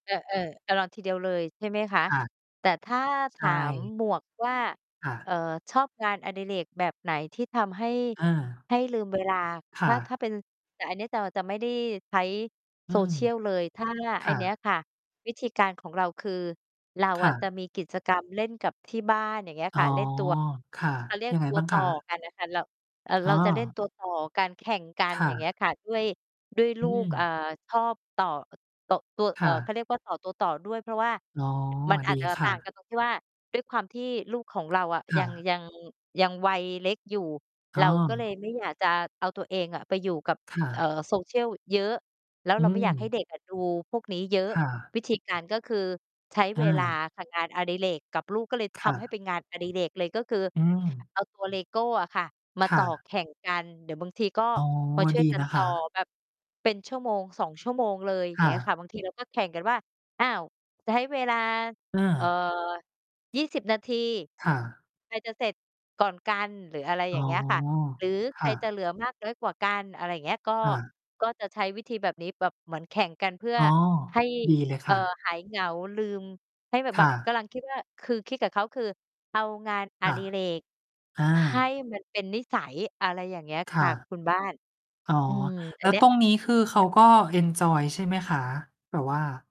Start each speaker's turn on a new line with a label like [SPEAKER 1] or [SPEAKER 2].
[SPEAKER 1] เออ ๆ จะรอทีเดียวเลยใช่ไหมคะ?
[SPEAKER 2] ค่ะ
[SPEAKER 1] แต่ถ้าถ
[SPEAKER 2] ใช
[SPEAKER 1] าม
[SPEAKER 2] ่
[SPEAKER 1] หมวกว่า
[SPEAKER 2] ค่
[SPEAKER 1] เอ
[SPEAKER 2] ะ
[SPEAKER 1] ่อ "ชอบงานอดิเรกแบบไหนที่ทำให้
[SPEAKER 2] อา
[SPEAKER 1] ให้ลืม เวลา?"
[SPEAKER 2] ค
[SPEAKER 1] ถ
[SPEAKER 2] ่
[SPEAKER 1] ้า ถ
[SPEAKER 2] ะ
[SPEAKER 1] ้าเป็น แต่อันเนี้ยจะ จะไม่ได้ใช้
[SPEAKER 2] อืม
[SPEAKER 1] social เลย ถ้า
[SPEAKER 2] ค
[SPEAKER 1] ไอ้
[SPEAKER 2] ่
[SPEAKER 1] เนี้
[SPEAKER 2] ะ
[SPEAKER 1] ยค่ะ วิธีการของเราคือ เรา
[SPEAKER 2] ค
[SPEAKER 1] อ
[SPEAKER 2] ่
[SPEAKER 1] ะจะ
[SPEAKER 2] ะ
[SPEAKER 1] มีกิจกรรมเล่นกับที่บ้าน อย่างเงี้ย
[SPEAKER 2] อ๋
[SPEAKER 1] ค
[SPEAKER 2] อ
[SPEAKER 1] ่ะ เล่นตัว
[SPEAKER 2] ค่ะ
[SPEAKER 1] เขาเรียก
[SPEAKER 2] ยังไง
[SPEAKER 1] ตัว
[SPEAKER 2] บ้าง
[SPEAKER 1] ต
[SPEAKER 2] ค
[SPEAKER 1] ่อ
[SPEAKER 2] ะ?
[SPEAKER 1] กันอะค่ะ เรา อ่า
[SPEAKER 2] อ
[SPEAKER 1] เ
[SPEAKER 2] ๋
[SPEAKER 1] ราจะเล่น
[SPEAKER 2] อ
[SPEAKER 1] ตัว ต่อกัน แข่งกัน
[SPEAKER 2] ค
[SPEAKER 1] อ
[SPEAKER 2] ่
[SPEAKER 1] ย่างเงี้
[SPEAKER 2] ะ
[SPEAKER 1] ยค่ะ ด้วย ด้วยล
[SPEAKER 2] อื
[SPEAKER 1] ูก เอ่
[SPEAKER 2] ม
[SPEAKER 1] อ ชอบต่อ โตะ ตัว
[SPEAKER 2] ค
[SPEAKER 1] เอ่
[SPEAKER 2] ่
[SPEAKER 1] อ เข
[SPEAKER 2] ะ
[SPEAKER 1] าเรียกว่าต่อตัวต่อด้วย เพราะว่า
[SPEAKER 2] อ๋อ
[SPEAKER 1] มันอ
[SPEAKER 2] ด
[SPEAKER 1] า
[SPEAKER 2] ี
[SPEAKER 1] จจะ
[SPEAKER 2] ค
[SPEAKER 1] ต
[SPEAKER 2] ่
[SPEAKER 1] ่าง
[SPEAKER 2] ะ
[SPEAKER 1] กันตรงที่ ว่า ด้วยความที่ลูกของเราอะ
[SPEAKER 2] ค
[SPEAKER 1] ย
[SPEAKER 2] ่
[SPEAKER 1] ัง
[SPEAKER 2] ะ
[SPEAKER 1] ยัง ยังวัยเล็กอยู่
[SPEAKER 2] อ
[SPEAKER 1] เ
[SPEAKER 2] ้
[SPEAKER 1] ราก็เลย
[SPEAKER 2] อ
[SPEAKER 1] ไม่ อยาก จะเอาตัวเองอะไปอยู่กับ
[SPEAKER 2] ค่
[SPEAKER 1] เอ
[SPEAKER 2] ะ
[SPEAKER 1] ่อ social เยอะ แล้ว
[SPEAKER 2] อื
[SPEAKER 1] เราไม่อยากให้
[SPEAKER 2] ม
[SPEAKER 1] เด็ก อะ ดูพวกนี้เยอะ
[SPEAKER 2] ค่ะ
[SPEAKER 1] วิธีการก็คือใช้
[SPEAKER 2] อ
[SPEAKER 1] เวลา
[SPEAKER 2] า
[SPEAKER 1] ค่ะ งานอดิเรกกับลูก ก็เลย
[SPEAKER 2] ค
[SPEAKER 1] ท
[SPEAKER 2] ่
[SPEAKER 1] ำให้
[SPEAKER 2] ะ
[SPEAKER 1] เป็นงานอดิเรกเลย ก็คือ
[SPEAKER 2] อืม
[SPEAKER 1] เอาตัวเลโก้อะค่ะมา
[SPEAKER 2] ค
[SPEAKER 1] ต
[SPEAKER 2] ่
[SPEAKER 1] ่อ
[SPEAKER 2] ะ
[SPEAKER 1] แข่งกัน เดี๋ยวบางทีก็
[SPEAKER 2] อ๋อ
[SPEAKER 1] มาช่ว
[SPEAKER 2] ด
[SPEAKER 1] ย
[SPEAKER 2] ี
[SPEAKER 1] กัน
[SPEAKER 2] นะ
[SPEAKER 1] ต
[SPEAKER 2] ค
[SPEAKER 1] ่อ
[SPEAKER 2] ะ
[SPEAKER 1] แบบเป็น 1-2 ชั่วโมงเลย อย่า
[SPEAKER 2] ค
[SPEAKER 1] งเ
[SPEAKER 2] ่
[SPEAKER 1] งี้ยค
[SPEAKER 2] ะ
[SPEAKER 1] ่ะ บาง ทีเราก็แข่งกันว่า "อ้าว จะให้เวลา
[SPEAKER 2] เ
[SPEAKER 1] เอ่อ
[SPEAKER 2] ออ
[SPEAKER 1] 20 นาที
[SPEAKER 2] ค่ะ
[SPEAKER 1] ใครจะเสร็จก่อนกัน?" หรืออะไร
[SPEAKER 2] อ
[SPEAKER 1] อ
[SPEAKER 2] ๋
[SPEAKER 1] ย่า
[SPEAKER 2] อ
[SPEAKER 1] งเงี้ยค่ะ หรือ
[SPEAKER 2] ค
[SPEAKER 1] "ใค
[SPEAKER 2] ่
[SPEAKER 1] รจะ
[SPEAKER 2] ะ
[SPEAKER 1] เหลือ มาก น้อยกว่ากัน?"อะไรอย่างเงี้ย ก็
[SPEAKER 2] ค่ะ
[SPEAKER 1] ก็จะใช้วิธีแบบนี้ แบบเหมือนแข่งกันเพื่อ
[SPEAKER 2] อ้อ
[SPEAKER 1] ให้
[SPEAKER 2] ดีเลย
[SPEAKER 1] เอ
[SPEAKER 2] ค
[SPEAKER 1] ่อ
[SPEAKER 2] ่ะ
[SPEAKER 1] หายเหงา ลืม ให้แบบ
[SPEAKER 2] ค
[SPEAKER 1] แบ
[SPEAKER 2] ่
[SPEAKER 1] บ
[SPEAKER 2] ะ
[SPEAKER 1] กำลังคิดว่า คือคิดกับเขา คือเอางานอ
[SPEAKER 2] ค่ะ
[SPEAKER 1] ดิเรก
[SPEAKER 2] อา
[SPEAKER 1] ให้ มัน เป็นนิสัย อะไรอย่างเงี้ย
[SPEAKER 2] ค
[SPEAKER 1] ค
[SPEAKER 2] ่
[SPEAKER 1] ่ะ
[SPEAKER 2] ะ
[SPEAKER 1] คุณบ้าน
[SPEAKER 2] อ๋อ
[SPEAKER 1] อืม อ
[SPEAKER 2] แ
[SPEAKER 1] ั
[SPEAKER 2] ล้
[SPEAKER 1] น
[SPEAKER 2] ว
[SPEAKER 1] เนี้
[SPEAKER 2] ต
[SPEAKER 1] ย
[SPEAKER 2] รงนี้ คือเข
[SPEAKER 1] ค
[SPEAKER 2] า
[SPEAKER 1] ่ะ
[SPEAKER 2] ก็เอนจอยใช่ไหมคะ? แบบว่า